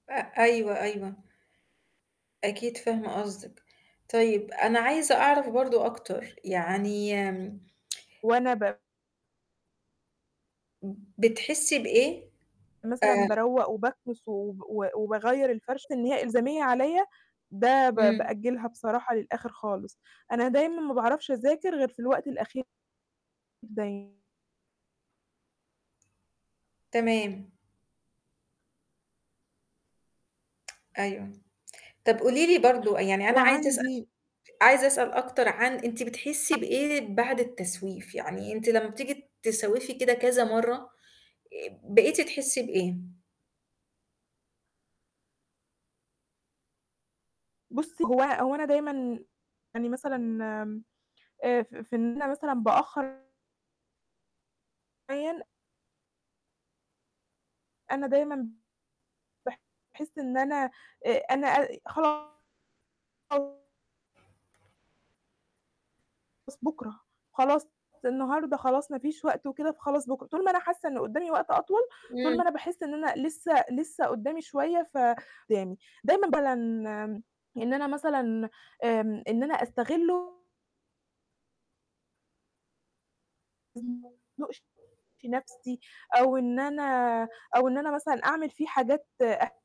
أ أيوه، أيوه. أكيد فاهمة قصدِك. طيب، أنا عايزة أعرف برضو أكتر، يعني وأنا ب م بتحسي بإيه؟ مثلًا آآ باروّق وباكنس وب وب وباغيّر الفرش إن هي إلزامية عليَّ، ده ب امم. بأجلها بصراحة للآخر خالص. أنا دايمًا ما باعرفش أذاكر غير في الوقت الأخير دايمًا. تمام. أيوة. طب قولي لي برضو، يعني أنا عايزة أسأل س وعندي عايزة أسأل أكتر عن أنتِ بتحسي [unintelligible] بإيه بعد التسويف؟ يعني أنتِ لما بتيجي تسوِّفي كده كذا مرة، آآ، بقيتِ تحسي بإيه؟ بُصّي هو هو أنا دايمًا يعني مثلًا آمم، آآ ف ف في إن أنا مثلًا بأخر [unintelligible] أنا دايمًا ب باحس إن أنا آآ أنا أ خلا [unintelligible] خلاص بكره، خلاص النهاردة خلاص مفيش وقت وكده، فخلاص بكرة. طول ما أنا حاسة إن قدامي وقت أطول، طول امم. ما أنا باحس إن أنا لسه لسه قدامي شوية ف [unintelligible] دايمًا [unintelligible] إن أنا مثلًا آمم، إن أنا أستغلّه ما أزنقش نفسي أو إن أنا [unintelligible] أو إن أنا مثلًا أعمل فيه حاجات أ